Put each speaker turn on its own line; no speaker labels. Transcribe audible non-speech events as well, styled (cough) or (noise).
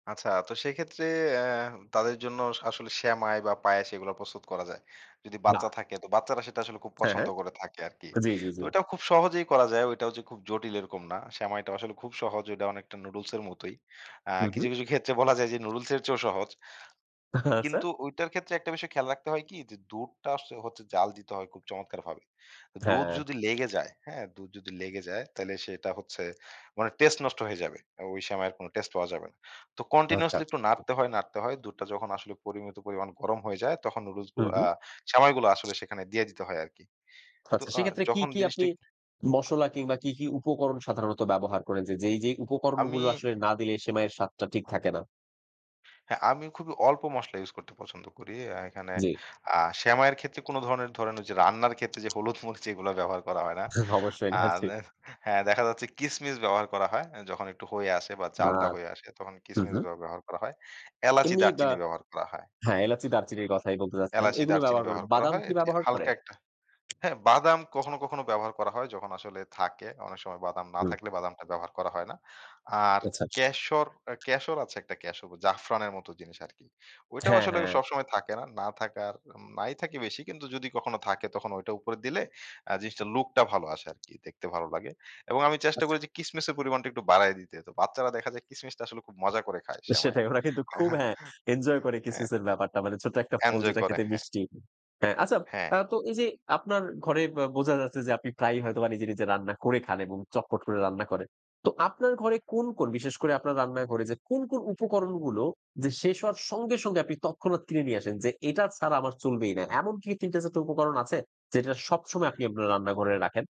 আচ্ছা তো সেইক্ষেত্রে অ্যা তাদের জন্য আসলে সেমাই বা পায়েস এগুলা প্রস্তুত করা যায়। যদি
না।
বাচ্চা থাকে তো বাচ্চারা সেটা আসলে খুব
হ্যাঁ,
পছন্দ
হ্যাঁ।
করে থাকে আরকি।
জ্বী, জ্বী
তো
জ্বী।
এটাও খুব সহজেই করা যায়, ওইটাও যে খুব জটিল এরকম না। সেমাইটা আসলে খুব সহজ, ঐটা অনেকটা নুডলস এর মতোই। অ্যা
হু, হু।
কিছু, কিছু ক্ষেত্রে বলা যায় যে নুডুলসের চেয়েও সহজ।
আচ্ছা!
কিন্তু ওইটার ক্ষেত্রে একটা বিষয় খেয়াল রাখতে হয় কি? যে দুধটা আস হচ্ছে জ্বাল দিতে হয় খুব চমৎকারভাবে। দুধ
হ্যাঁ।
যদি লেগে যায়, হ্যাঁ? দুধ যদি লেগে যায় তাহলে সেটা হচ্ছে মানে টেস্ট নষ্ট হয়ে যাবে। এবং ওই সেমাইয়ের কোনো টেস্ট পাওয়া যাবে না। তো
আচ্ছা।
continuously একটু নাড়তে হয়, নাড়তে হয়। দুধটা যখন আসলে পরিমিত পরিমাণ গরম হয়ে যায়, তখন
হু,
নুডুলসগুলো
হু।
আ সেমাইগুলো আসলে সেখানে দিয়ে দিতে হয় আরকি। তো
আচ্ছা
আ
সেক্ষেত্রে কি,
যখন
কি আপনি
জিনিসটি
মশলা কিংবা কি, কি উপকরণ সাধারণত ব্যবহার করেন? যে যেই, যেই উপকরণগুলো
আমি
আসলে না দিলে সেমাইয়ের স্বাদটা ঠিক থাকে না?
হ্যাঁ আমি খুবই অল্প মসলা ইউস করতে পছন্দ করি। অ্যা এখানে
জ্বি।
আ সেমাইয়ের ক্ষেত্রে কোনো ধরনের ধরেন ওইযে রান্নার ক্ষেত্রে যে হলুদ মরিচ এইগুলা ব্যবহার করা হয় না?
অবশ্যই
আ
হ্যাঁ, জি।
দে হ্যাঁ দেখা যাচ্ছে কিসমিস ব্যবহার করা হয়। অ্যা যখন একটু হয়ে আসে বা চালটা
ভাত।
হয়ে আসে তখন
হু,
কিসমিস
হু।
ব্যবহার করা হয়, এলাচি
এমনি বা
দারচিনি ব্যবহার করা হয়
হ্যাঁ, এলাচি দারচিনির কথাই বলতে চাচ্ছিলাম।
এলাচি,
ওইগুলো
দারচিনি
ব্যবহার করে।
ব্যবহার করা
বাদাম
হয়।
কি
এটি
ব্যবহার করে?
হালকা একটা হ্যাঁ বাদাম কখনো, কখনো ব্যবহার করা হয়। যখন আসলে থাকে, অনেক সময় বাদাম না
হুম।
থাকলে বাদামটা ব্যবহার করা হয় না। আর
আচ্ছা।
ক্যাশর অ্যা ক্যাশর আছে একটা ক্যাশর জাফরানের মত জিনিস আরকি। ওইটাও
হ্যাঁ,
আসলে অ
হ্যাঁ।
সবসময় থাকে না। না থাকার উম নাই থাকি বেশি। কিন্তু যদি কখনো থাকে তখন ঐটা উপরে দিলে অ্যা জিনিসটার লুকটা ভালো আসে আরকি, দেখতে ভালো লাগে। এবং আমি চেষ্টা
আছ
করি যে কিসমিসের পরিমাণটা একটু বাড়ায়ে দিতে। তো বাচ্চারা দেখা যায় কিসমিসটা আসলে খুব মজা করে খায়
এ
সেমাইয়ে
সেটাই ওরা কিন্তু খুব
(chuckles)
হ্যাঁ এনজয় করে
হ্যাঁ।
কিসমিসের ব্যাপারটা। মানে ছোট্ট একটা ফল
এনজয়
যেটা
করে,
খেতে
হ্যাঁ।
মিষ্টি। হ্যাঁ আচ্ছা
হ্যাঁ।
আ তো এইযে আপনার ঘরে বা বোঝা যাচ্ছে যে আপনি প্রায়ই হয়তোবা নিজে, নিজে রান্না করে খান এবং চটপট করে রান্না করেন। তো আপনার ঘরে কোন, কোন বিশেষ করে আপনার রান্না ঘরে যে কোন, কোন উপকরণগুলো যে শেষ হওয়ার সঙ্গে, সঙ্গে আপনি তৎক্ষণাৎ কিনে নিয়ে আসেন? যে এটা ছাড়া আমার চলবেই না? এমন কি ৩ টা ৪ টা উপকরণ আছে যেটা সবসময় আপনি আপনার রান্নাঘরে রাখেন?